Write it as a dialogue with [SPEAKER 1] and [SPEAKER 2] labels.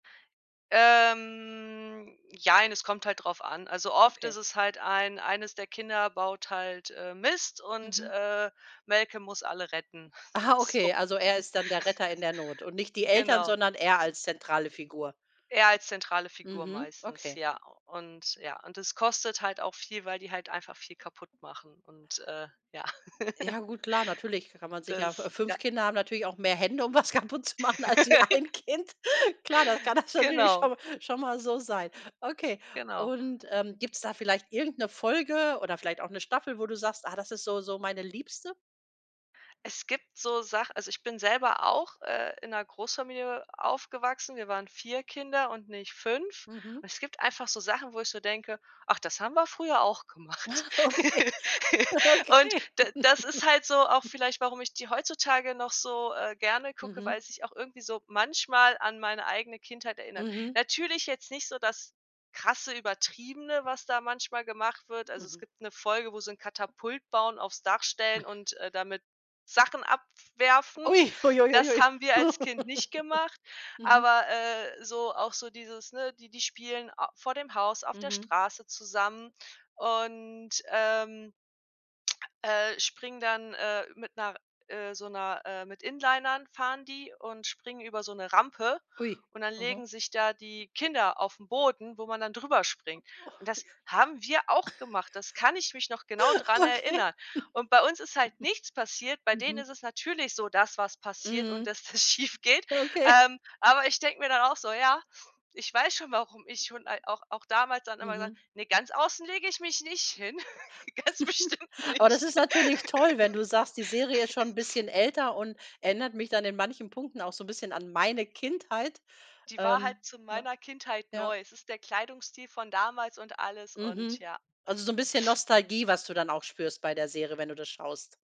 [SPEAKER 1] Ähm, Jein, es kommt halt drauf an. Also, oft
[SPEAKER 2] Okay.
[SPEAKER 1] ist es halt ein eines der Kinder baut halt, äh, Mist und,
[SPEAKER 2] Mhm.
[SPEAKER 1] äh, Malcolm muss alle retten.
[SPEAKER 2] Ah,
[SPEAKER 1] So
[SPEAKER 2] okay, also er ist dann der Retter in der Not und nicht die Eltern,
[SPEAKER 1] Genau.
[SPEAKER 2] sondern er als zentrale Figur.
[SPEAKER 1] Er als zentrale Figur
[SPEAKER 2] Mhm,
[SPEAKER 1] meistens,
[SPEAKER 2] okay.
[SPEAKER 1] ja. Und, ja, und es kostet halt auch viel, weil die halt einfach viel kaputt machen und, äh, ja.
[SPEAKER 2] Ja gut, klar, natürlich kann man sich ja
[SPEAKER 1] Das,
[SPEAKER 2] f
[SPEAKER 1] ja.
[SPEAKER 2] 5 Kinder haben natürlich auch mehr Hände, um was kaputt zu machen als wie 1 Kind. Klar, das kann das natürlich
[SPEAKER 1] Genau.
[SPEAKER 2] schon mal schon mal so sein. Okay,
[SPEAKER 1] Genau.
[SPEAKER 2] und, ähm, gibt's da vielleicht irgend 'ne Folge oder vielleicht auch 'ne Staffel, wo du sagst: „Ah, das ist so so meine Liebste?“
[SPEAKER 1] Es gibt so Sach also, ich bin selber auch, äh, in 'ner Großfamilie aufgewachsen, wir waren 4 Kinder und nicht 5,
[SPEAKER 2] Mhm.
[SPEAKER 1] und es gibt einfach so Sachen, wo ich so denke: „Ach, das haben wir früher auch gemacht.”
[SPEAKER 2] Ah, okay.
[SPEAKER 1] Und
[SPEAKER 2] Okay.
[SPEAKER 1] da das ist halt so auch vielleicht, warum ich die heutzutage noch so, äh, gerne gucke, weil
[SPEAKER 2] Mhm.
[SPEAKER 1] es sich auch irgendwie so manchmal an meine eigene Kindheit erinnert.
[SPEAKER 2] Mhm.
[SPEAKER 1] Natürlich jetzt nicht so das krasse, übertriebene, was da manchmal gemacht wird. Also, es
[SPEAKER 2] Mhm.
[SPEAKER 1] gibt 'ne Folge, wo sie 'n Katapult bauen, aufs Dach stellen und, äh, damit Sachen abwerfen.
[SPEAKER 2] Ui. Ui ui ui
[SPEAKER 1] Das
[SPEAKER 2] ui.
[SPEAKER 1] haben wir als Kind nicht gemacht,
[SPEAKER 2] Mhm.
[SPEAKER 1] aber, äh, so auch so dieses, ne, die die spielen a vor dem Haus auf der
[SPEAKER 2] Mhm.
[SPEAKER 1] Straße zusammen und, ähm, äh, springen, dann, äh, mit 'ner, äh, so 'ner äh, mit Inlinern fahren die und springen über so 'ne Rampe
[SPEAKER 2] Ui.
[SPEAKER 1] und dann
[SPEAKER 2] Mhm.
[SPEAKER 1] legen sich da die Kinder auf 'n Boden, wo man dann drüber springt.
[SPEAKER 2] Och,
[SPEAKER 1] Und das
[SPEAKER 2] ja.
[SPEAKER 1] haben wir auch gemacht, das kann ich mich noch genau dran
[SPEAKER 2] Okay.
[SPEAKER 1] erinnern. Und bei uns ist halt nichts passiert. Bei denen
[SPEAKER 2] Mhm.
[SPEAKER 1] ist es natürlich so, dass was passiert und
[SPEAKER 2] Mhm.
[SPEAKER 1] dass das schiefgeht.
[SPEAKER 2] Okay.
[SPEAKER 1] Ähm, aber ich denk mir dann auch so: „Ja, ich weiß schon, warum ich schon al auch auch damals dann immer gesagt
[SPEAKER 2] Mhm.
[SPEAKER 1] hab: „Ne, ganz außen lege ich mich nicht hin“, ganz bestimmt
[SPEAKER 2] Oh, das
[SPEAKER 1] nicht.“
[SPEAKER 2] ist natürlich toll, wenn du sagst: „Die Serie ist schon 'n bisschen älter und erinnert mich dann in manchen Punkten auch so 'n bisschen an meine Kindheit.“
[SPEAKER 1] Die war halt
[SPEAKER 2] Ähm
[SPEAKER 1] zu
[SPEAKER 2] ja,
[SPEAKER 1] meiner Kindheit
[SPEAKER 2] ja.
[SPEAKER 1] neu. Es ist der Kleidungsstil von damals und alles und
[SPEAKER 2] Mhm.
[SPEAKER 1] ja.
[SPEAKER 2] Also so 'n bisschen Nostalgie, was du dann auch spürst bei der Serie, wenn du das schaust.